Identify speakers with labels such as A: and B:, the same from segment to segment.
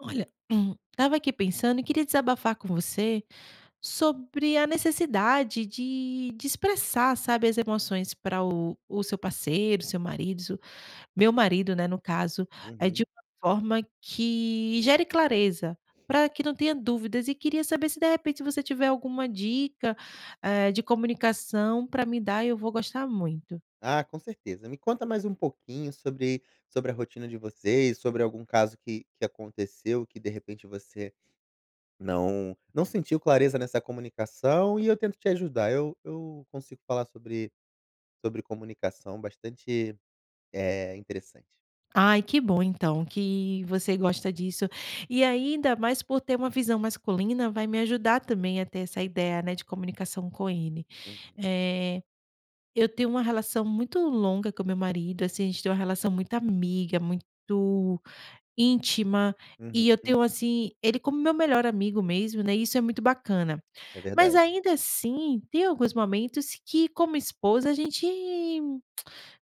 A: Olha, estava aqui pensando e queria desabafar com você sobre a necessidade de de expressar, sabe, as emoções para o o seu parceiro, seu marido s meu marido, né, no caso, eh, de
B: Uhum.
A: uma forma que gere clareza, pra que não tenha dúvidas. E queria saber se, de repente, se você tiver alguma dica, eh, de comunicação pra me dar, eu vou gostar muito.
B: Ah, com certeza. Me conta mais pouquinho sobre, sobre a rotina de vocês, sobre algum caso que que aconteceu, que, de repente você não não sentiu clareza nessa comunicação, e eu tento te ajudar. Eu eu consigo falar sobre sobre comunicação, bastante, eh, interessante.
A: Ai, que bom, então, que você gosta disso! E ainda mais por ter uma visão masculina, vai me ajudar também a ter essa ideia, né, de comunicação com ele.
B: Uhum.
A: Eh, eu tenho uma relação muito longa com o meu marido. Assim, a gente tem uma relação muito amiga, muito íntima.
B: Uhum,
A: E eu
B: hum.
A: tenho, assim, ele como meu melhor amigo mesmo, né. E isso é muito bacana.
B: É
A: Mas
B: verdade.
A: ainda assim tem alguns momentos que, como esposa, a gente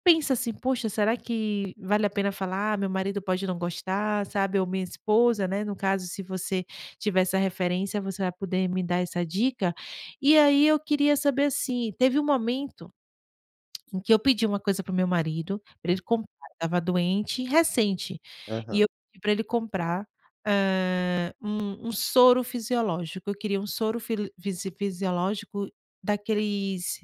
A: pensa assim: Poxa, será que vale a pena falar? Meu marido pode não gostar, sabe, ou minha esposa, né, no caso, se você tiver essa referência, você vai poder me dar essa dica. E aí, eu queria saber assim, teve um momento em que eu pedi uma coisa pro meu marido, pra ele
B: Uhum.
A: comprar. Eu estava doente, e recente. E
B: Aham.
A: eu pedi pra ele comprar, hã, um um soro fisiológico. Eu queria um soro fili fisi fisiológico daqueles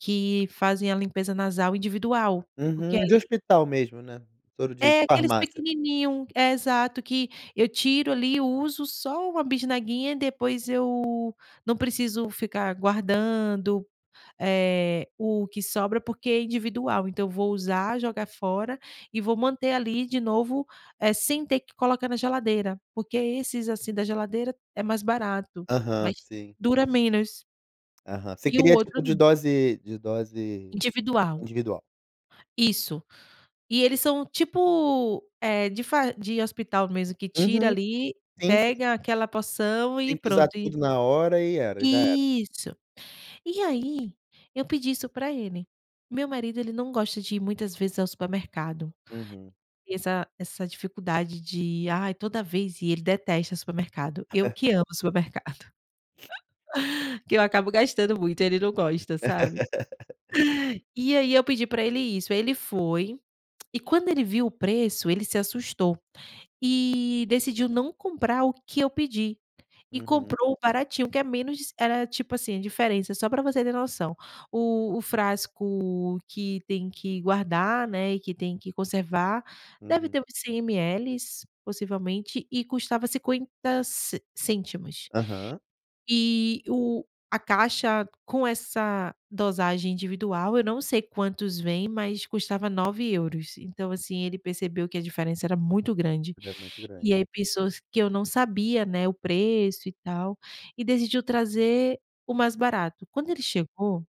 A: que fazem a limpeza nasal individual, porque
B: Uhum, de
A: ali
B: hospital mesmo, né? Soro de
A: é aqueles
B: farmácia.
A: pequenininho é, exato que eu tiro ali, uso só 1 bisnaguinha e depois eu não preciso ficar guardando, eh, o que sobra, porque é individual. Então, vou usar, jogar fora e vou manter ali de novo, eh, sem ter que colocar na geladeira. Porque esses, assim, da geladeira é mais barato,
B: Aham,
A: mas
B: sim.
A: dura menos
B: Aham. Você
A: e o
B: queria
A: outro
B: tipo de
A: não.
B: dose de dose
A: Individual.
B: individual.
A: Isso, e eles são tipo, eh, de far de hospital mesmo, que tira
B: Uhum,
A: ali,
B: sim, sim.
A: pega aquela porção e
B: Tem que usar
A: pronto, e
B: tudo na hora, e era já era.
A: Isso! E aí, eu pedi isso pra ele. Meu marido ele não gosta de ir muitas vezes ao supermercado.
B: Uhum.
A: E essa essa dificuldade de: "Ai, toda vez ir!", ele detesta supermercado. Eu que amo supermercado que eu acabo gastando muito, ele não gosta, sabe? E aí, eu pedi para ele isso. Aí, ele foi e quando ele viu o preço, ele se assustou e decidiu não comprar o que eu pedi, e
B: Uhum.
A: comprou o baratinho, que é menos eh, tipo assim a diferença só pra você ter noção: o o frasco que tem que guardar, né, e que tem que conservar, deve
B: Uhum.
A: ter uns 100 MLs, possivelmente, e custava €0,50 ce cêntimos.
B: Aham.
A: Eh, o a caixa com essa dosagem individual, eu não sei quantos vêm, mas custava 9 euros. Então, assim, ele percebeu que a diferença era muito grande,
B: É muito
A: e
B: grande.
A: aí pensou s que eu não sabia, né, o preço e tal, e decidiu trazer o mais barato. Quando ele chegou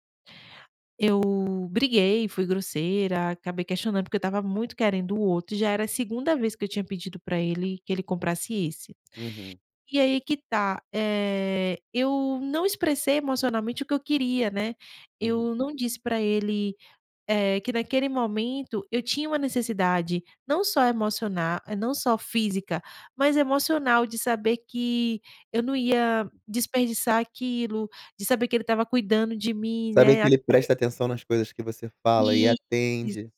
A: eu briguei, fui grosseira, acabei questionando porque eu estava muito querendo o outro, e já era a segunda vez que eu tinha pedido pra ele, que ele comprasse esse.
B: Uhum.
A: E aí que tá, eh, eu não expressei emocionalmente o que eu queria, né?
B: Uhum.
A: Eu não disse pra ele, eh, que naquele momento eu tinha uma necessidade, não só emociona não só física, mas emocional de saber que eu não ia desperdiçar aquilo, de saber que ele estava cuidando de mim,
B: Saber que
A: né
B: ele
A: [unintelligible]
B: presta atenção nas coisas que você fala e
A: Isso!
B: atende.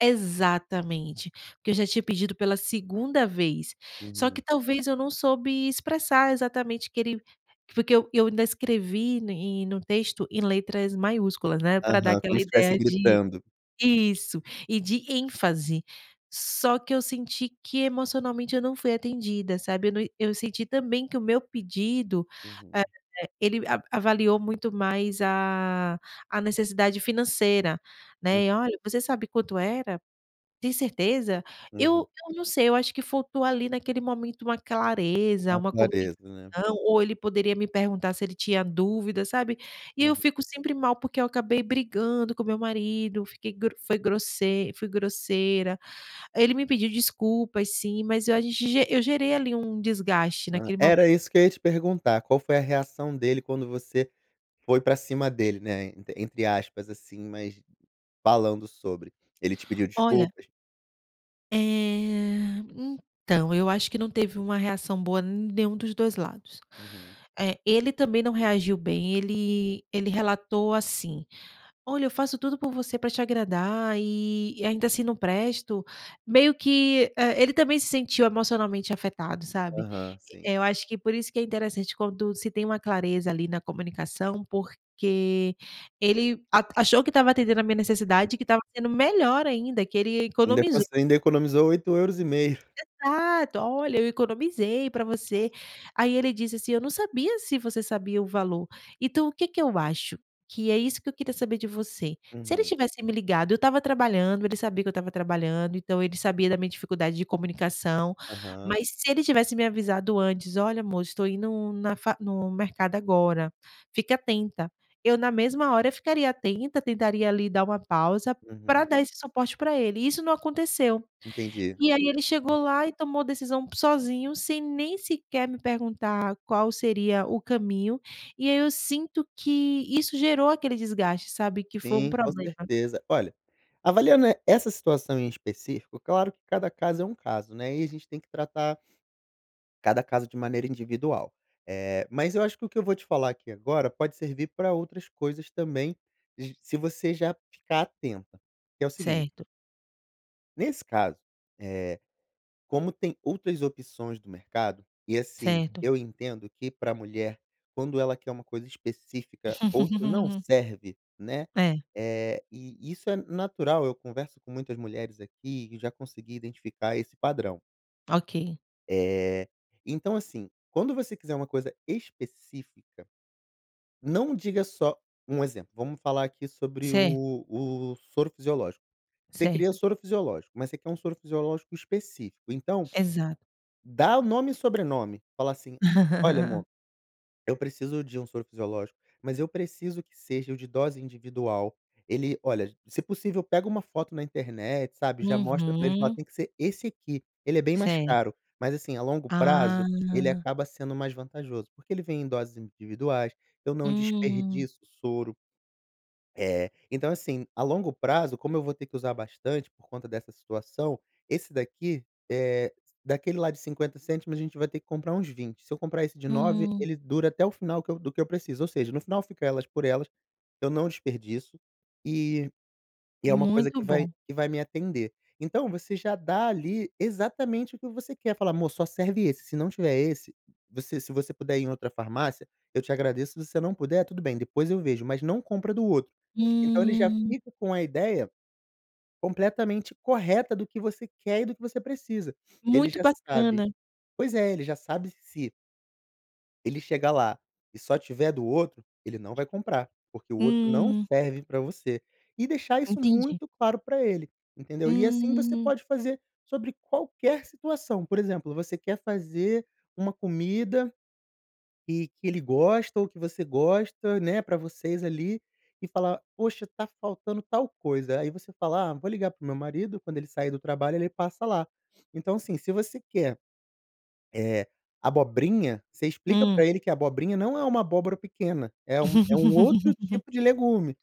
A: Exatamente que eu já tinha pedido pela segunda vez. Só
B: Uhum.
A: que talvez eu não soube expressar exatamente que ele foi que eu eu ainda escrevi em no texto, em letras maiúsculas, né, pra dar
B: Aham,
A: aquela
B: como se estivesse
A: ideia de
B: gritando.
A: Isso! E de ênfase. Só que eu senti que emocionalmente eu não fui atendida, sabe? Eu na eu senti também que o meu pedido, eh,
B: Uhum.
A: ele ava avaliou muito mais a a necessidade financeira,
B: Hum.
A: né? E: "Olha, você sabe quanto era? Tem certeza?"
B: Uhum.
A: Eu eu não sei, eu acho que faltou ali naquele momento uma clareza,
B: Mais
A: uma convicção,
B: clareza, né?
A: ou ele poderia me perguntar se ele tinha dúvida, sabe, e eu
B: Uhum.
A: fico sempre mal porque eu acabei brigando com meu marido fiquei gro fui grosse fui grosseira. Ele me pediu desculpas, sim, mas eu, a gent eu gerei ali, um desgaste
B: Hum.
A: naquele momento.
B: Era isso que eu ia te perguntar. Qual foi a reação dele quando você foi pra cima dele, né, entr entre aspas assim, mas falando sobre Ele te pediu
A: Olha
B: desculpas?
A: eh, então, eu acho que não teve uma reação boa n nenhum dos 2 lados.
B: Uhum.
A: Eh, ele também não reagiu bem. Ele ele relatou assim: "Olha, eu faço tudo por você, pra te agradar, eh, e ainda assim não presto.". Meio que, eh, ele também se sentiu emocionalmente afetado, sabe?
B: Aham,
A: Eh,
B: sim.
A: eu acho que por isso que é interessante, quando se tem uma clareza ali na comunicação, porque ele a achou que estava atendendo a minha necessidade, e que estava sendo melhor ainda, que ele
B: Ainda
A: economizou!
B: conse ainda economizou 8 euros e meio!
A: Exato! "Olha, eu economizei pra você!" Aí, ele disse assim: "Eu não sabia se você sabia o valor.". Então, o que que eu acho que é isso que eu queria saber de você se ele
B: Uhum.
A: tivesse me ligado? Eu estava trabalhando, ele sabia que eu estava trabalhando, então ele sabia da minha dificuldade de comunicação
B: Aham.
A: mas se ele tivesse me avisado antes: "Olha, amor, estou indo na fa no mercado agora, fique atenta.", eu, na mesma hora ficaria atenta, tentaria ali dar uma pausa pra
B: Uhum.
A: dar esse suporte pra ele, e isso não aconteceu.
B: Entendi.
A: E aí ele
B: Hum.
A: chegou lá e tomou a decisão p sozinho, sem nem sequer me perguntar qual seria o caminho. E aí, eu sinto que isso gerou aquele desgaste, sabe? Que foi um
B: Sim, com
A: problema.
B: certeza. Olha, avaliando e essa situação em específico, claro que cada caso é um caso, né? E a gente tem que tratar cada caso de maneira individual. Eh, mais eu acho que o que eu vou te falar aqui agora pode servir pra outras coisas também, j se você já ficar atenta, que é o seguinte
A: Certo.
B: Nesse caso, eh, como tem outras opções do mercado, e assim,
A: Certo.
B: eu entendo que para a mulher, quando ela quer uma coisa específica, outra não serve, né?
A: É.
B: É, e isso é natural. Eu converso com muitas mulheres aqui e já consegui identificar esse padrão.
A: Ok.
B: Eh, então assim, quando você quiser uma coisa específica, não diga só um exemplo, vamos falar aqui sobre
A: Certo.
B: o o soro fisiológico. Você queria
A: Certo.
B: soro fisiológico, mas você quer soro fisiológico específico, então.
A: Exato.
B: Dá o nome e sobrenome. Fala assim: "Olha amor, eu preciso de um soro fisiológico, mas eu preciso que seja o de dose individual." Ele olha, se possível pega uma foto na internet, sabe? Já mostra para eles e fala:
A: Uhum.
B: "Tem que ser esse aqui. Ele é bem mais
A: Certo.
B: caro, mas assim, a longo prazo, ele
A: Ah
B: acaba sendo mais vantajoso, porque ele vem em doses individuais e eu não
A: Hum.
B: desperdiço o soro" "é, então assim, a longo prazo, como eu vou ter que usar bastante por conta dessa situação, esse daqui, eh, daquele lá de € 0,50, a gente vai ter que comprar uns 20. Se eu comprar esse de 9,
A: Uhum.
B: ele dura até o final do que eu preciso, ou seja, no final fica elas por elas, eu não desperdiço, e e é uma coisa
A: Muito
B: que vai,
A: bom.
B: que vai me atender." Então, você já dá ali exatamente o que você quer. Fala: "Amor, só serve esse, se não tiver esse, você se você puder ir em outra farmácia eu te agradeço, se você não puder tudo bem, depois eu vejo, mas não compra do outro." Então ele já
A: Hum.
B: fica com a ideia completamente correta do que você quer e do que você precisa. Ele
A: Muito
B: já sabe
A: bacana.
B: pois é, ele já sabe se ele chegar lá e só tiver do outro, ele não vai comprar, porque o outro não
A: Hum.
B: serve para você. E deixar isso
A: Entendi.
B: muito claro para ele, entendeu? E assim você
A: Hum.
B: pode fazer sobre qualquer situação, por exemplo, você quer fazer uma comida, e que ele gosta ou que você gosta, né, para vocês ali, e falar: "Poxa, tá faltando tal coisa." Aí você fala: "Ah, vou ligar para o meu marido, quando ele sair do trabalho ele passa lá." Então assim, se você quer, eh, abobrinha, você explica
A: Hum.
B: para ele que abobrinha não é uma abóbora pequena, é um é outro tipo de legume,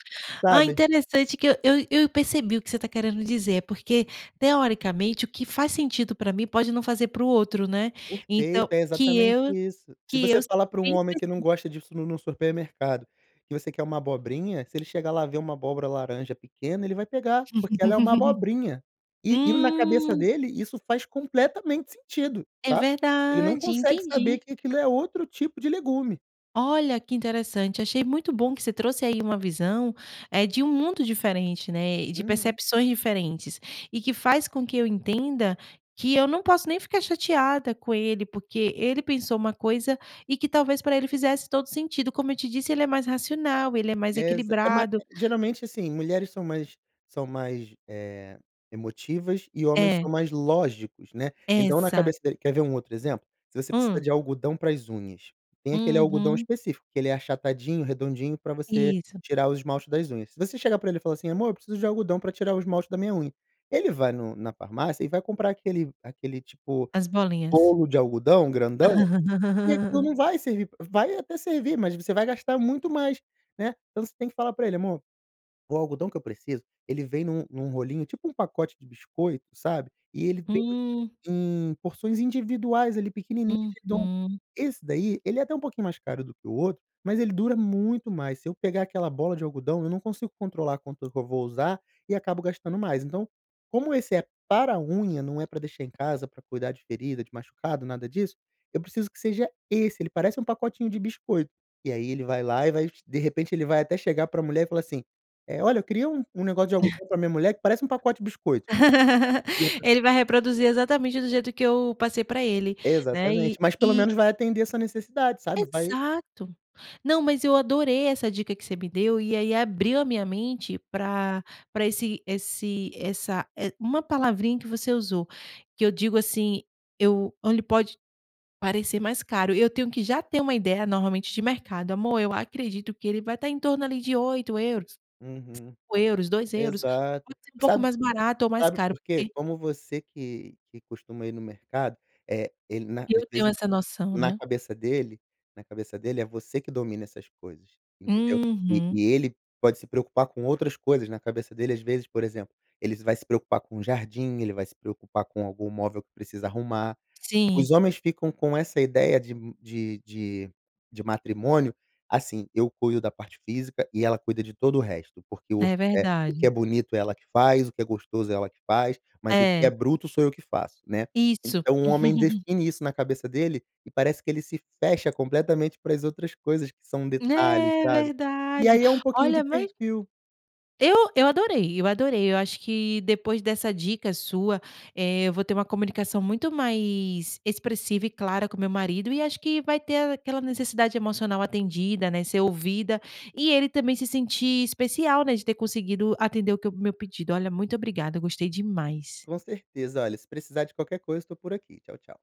A: Ah!
B: sabe?
A: Interessante que eu eu eu percebi o que você está querendo dizer, porque teoricamente o que faz sentido para mim pode não fazer para o outro, né?
B: Perfeito,
A: Então,
B: é
A: que
B: exatamente
A: eu
B: isso. Se
A: que eu.
B: você fala para um homem que não gosta
A: [unintelligible]
B: disso num num supermercado, que você quer uma abobrinha, se ele chegar lá e ver uma abóbora laranja pequena, ele vai pegar, porque ela é uma abobrinha, e e na cabeça
A: Hum.
B: dele, isso faz completamente sentido,
A: É
B: tá? Ele não
A: verdade,
B: consegue saber
A: entendi.
B: que aquilo é outro tipo de legume.
A: Olha que interessante, achei muito bom que você trouxe aí uma visão, eh, de mundo diferente, né? E de
B: Uhum.
A: percepções diferentes, e que faz com que eu entenda que eu não posso nem ficar chateada com ele, porque ele pensou uma coisa e que talvez para ele fizesse todo sentido. Como eu te disse, ele é mais racional, ele é mais
B: Exa E ma
A: equilibrado.
B: geralmente assim, mulheres são mais são mais, eh, emotivas e homens
A: É.
B: são mais lógicos, né? Então, na
A: Exato.
B: cabeça dele quer ver outro exemplo? Se você precisa
A: Hum
B: de algodão para as unhas, tem aquele algodão
A: Uhum.
B: específico que ele é achatadinho, redondinho, para você
A: Isso.
B: tirar o esmalte das unhas. Se você chegar para ele e falar assim: "Amor, eu preciso de algodão para tirar o esmalte da minha unha." Ele vai num, na farmácia e vai comprar aquele aquele tipo,
A: As bolinhas.
B: rolo de algodão grandão, e aquilo não vai servir vai até servir, mas você vai gastar muito mais, né? Então você tem que falar para ele: "Amor, o algodão que eu preciso, ele vem num num rolinho, tipo pacote de biscoito, sabe? E ele tem
A: Hum.
B: em porções individuais ali, pequenininhos.
A: Uhum.
B: Esse daí, ele é até um pouquinho mais caro do que o outro, mas ele dura muito mais. Se eu pegar aquela bola de algodão, eu não consigo controlar quanto que eu vou usar e acabo gastando mais. Então, como esse é para a unha, não é para deixar em casa para cuidar de ferida, de machucado, nada disso, eu preciso que seja esse, ele parece pacotinho de biscoito." E aí ele vai lá e vai, de repente ele vai até chegar para a mulher e falar assim: "Eh, olha, eu queria um, um negócio de algodão para minha mulher que parece pacote de biscoito." E a pesso
A: Ele vai reproduzir
B: [unintelligible]
A: exatamente do jeito que eu passei para ele, né,
B: Exatamente,
A: e
B: mas pelo
A: e
B: menos vai atender a sua necessidade, sabe? Vai
A: Exato, não, mas eu adorei essa dica que você me deu, e aí abriu a minha mente pra pra esse esse essa eh, uma palavrinha que você usou, que eu digo assim: "Eu ele pode parecer mais caro." Eu tenho que já ter uma ideia normalmente de mercado: "Amor, eu acredito que ele vai estar em torno ali de € 8,00,
B: Uhum,
A: € 5,00, € 2,00,
B: exato.
A: um pouco
B: Sabe
A: mais barato, ou mais
B: sabe
A: caro
B: por quê?
A: porque"
B: Como você que que costuma ir no mercado, eh, ele na
A: E
B: às
A: eu tenho
B: vezes,
A: essa noção,
B: na
A: né?
B: cabeça dele na cabeça dele, é você que domina essas coisas, entendeu? E
A: Uhum.
B: e ele pode se preocupar com outras coisas. Na cabeça dele, às vezes, por exemplo, ele vai se preocupar com jardim, ele vai se preocupar com algum móvel que precisa arrumar. Os
A: Sim.
B: homens ficam com essa ideia de de de de matrimônio, assim: "Eu cuido da parte física e ela cuida de todo o resto, porque o
A: É
B: eh, que é
A: verdade.
B: bonito ela que faz, o que é gostoso ela que faz, mas o que é
A: É.
B: bruto sou eu que faço, né?"
A: Isso.
B: Então o homem define isso na cabeça dele e parece que ele se fecha completamente para as outras coisas que são detalhes,
A: É
B: sabe? E
A: verdade.
B: aí, é um pouquinho de
A: Olha mas
B: perfil
A: eu eu adorei eu adorei. Eu acho que depois dessa dica sua, eh, eu vou ter uma comunicação muito mais expressiva e clara com meu marido, e acho que vai ter aquela necessidade emocional atendida, né? Ser ouvida, e ele também se sentir especial, né, de ter conseguido atender o que é o meu pedido. Olha, muito obrigada, eu gostei demais.
B: Com certeza, olha, se precisar de qualquer coisa, estou por aqui. Tchau, tchau.